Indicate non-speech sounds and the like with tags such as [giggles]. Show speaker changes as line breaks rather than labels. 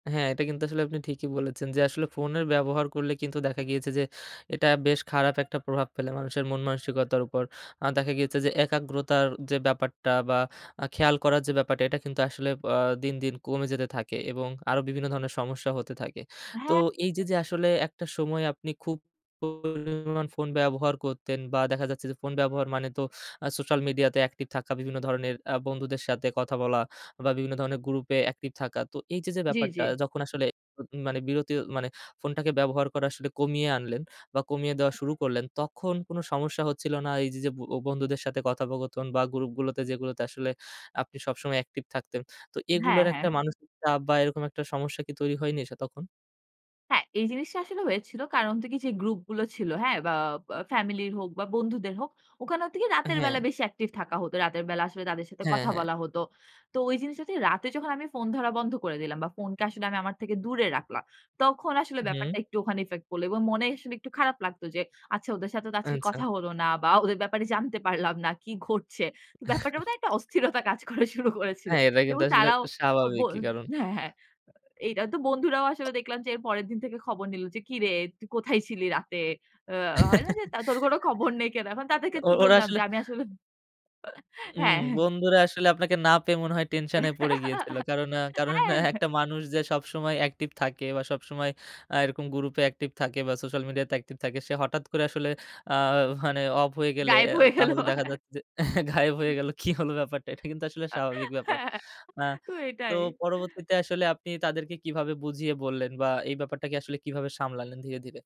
হ্যাঁ, এটা কিন্তু আসলে আপনি ঠিকি বলেছেন. যে আসলে ফোনের ব্যবহার করলে কিন্তু দেখা গিয়েছে যে এটা বেশ খারাপ একটা প্রভাব ফেলে মানুষের মনমানসিকতার উপর। এ্যাঁ দেখা গিয়েছে যে একাগ্রতার যে ব্যাপারটা বা এ্যাঁ খেয়াল করার যে ব্যাপারটা এটা কিন্তু আসলে এ্যাঁ দিন, দিন কমে যেতে থাকে এবং আরও বিভিন্ন ধরনের সমস্যা হতে থাকে. তো
হ্যাঁ।
এই যে, যে আসলে একটা সময় আপনি খুব পরিমান ফোন ব্যবহার করতেন, বা দেখা যাচ্ছে যে ফোন ব্যবহার মানে তো এ্যাঁ সোশ্যাল মিডিয়া তে অ্যাকটিভ থাকা বিভিন্ন ধরনের এ্যাঁ বন্ধুদের সাথে কথা বলা বা বিভিন্ন ধরনের গ্রুপে অ্যাকটিভ থাকা। তো এই যে, যে
জ্বী,
ব্যাপারটা
জ্বী।
যখন আসলে উ মানে বিরতি মানে ফোনটাকে ব্যবহার করা আসলে কমিয়ে আনলেন, বা কমিয়ে দেওয়া শুরু করলেন তখন কোন সমস্যা হচ্ছিল না? এই যে, যে ব বন্ধুদের সাথে কথোপকথন বা গ্রুপগুলোতে যেগুলোতে আসলে আপনি সবসময় অ্যাকটিভ থাকতেন। তো
হ্যাঁ,
এগুলোর একটা
হ্যাঁ।
মানসিক চাপ বা এরকম একটা সমস্যা কি তৈরি হয়নি সে তখন?
হ্যাঁ, এই জিনিসটা আসলে হয়েছিল। কারণ তো কি যে গ্রুপ গুলো ছিল, হ্যাঁ? বা বা ফ্যামিলি হোক বা বন্ধুদের হোক, ওখানে হচ্ছে কি? রাতের বেলা
হ্যাঁ।
বেশি অ্যাকটিভ থাকা হত। রাতের বেলা আসলে তাদের সাথে
হ্যাঁ,
কথা
হ্যাঁ।
বলা হতো। তো ওই জিনিসটাতে রাতে যখন আমি ফোন ধরা বন্ধ করে দিলাম, বা ফোন কে আসলে আমি আমার থেকে দূরে রাখলাম। তখন আসলে
হুম।
ব্যাপারটা একটু ওখানে ইফেক্ট পড়ল এবং মনে আসলে একটু খারাপ লাগতো যে, "আচ্ছা ওদের সাথে তো আজকে
আচ্ছা।
কথা হলো না বা ওদের ব্যাপারে জানতে পারলাম না, কি ঘটছে?" ব্যাপারটা
[chuckles]
বোধহয় একটা অস্থিরতা কাজ করা শুরু করেছিল।
হ্যাঁ এটা কিন্তু
এবং
আসলে
তারাও ও বো
স্বাভাবিকই কারণ
হ্যাঁ, হ্যাঁ। এইটা তো বন্ধুরাও আসলে দেখলাম যে এর পরের দিন থেকে খবর নিলো যে "কিরে তুই কোথায় ছিলি রাতে?" এ্যাঁ হয় না? যে,
[chuckles]
তা "তোর কোন খবর নেই কেন?" এখন তাদেরকে তো
ও ওরা
বললাম যে
আসলে
আমি আসলে [chuckles]
ওম
হ্যাঁ, হ্যাঁ।
বন্ধুরা আসলে আপনাকে না পেয়ে মনে হয় টেনশন এ পড়ে গিয়েছিল। কারণ এ্যাঁ
[giggles]
কারণ
হ্যাঁ।
একটা মানুষ যে সবসময় অ্যাকটিভ থাকে বা সবসময় এ্যাঁ এরকম গ্রুপে অ্যাকটিভ থাকে বা সোশ্যাল মিডিয়া তে অ্যাকটিভ থাকে, সে হঠাৎ করে আসলে এ্যাঁ মানে অফ হয়ে গেলে
গায়েব
এ
হয়ে গেল।
তাহলে দেখা
[chuckles]
যাচ্ছে যে গায়েব হয়ে গেল, কি হলো ব্যাপারটা? এটা কিন্তু আসলে স্বাভাবিক ব্যাপার।
হ্যাঁ।
অ্যা
তো
তো
এটাই।
পরবর্তীতে আসলে আপনি তাদেরকে কিভাবে বুঝিয়ে বললেন বা এই ব্যাপারটাকে আসলে কিভাবে সামলালেন ধীরে, ধীরে?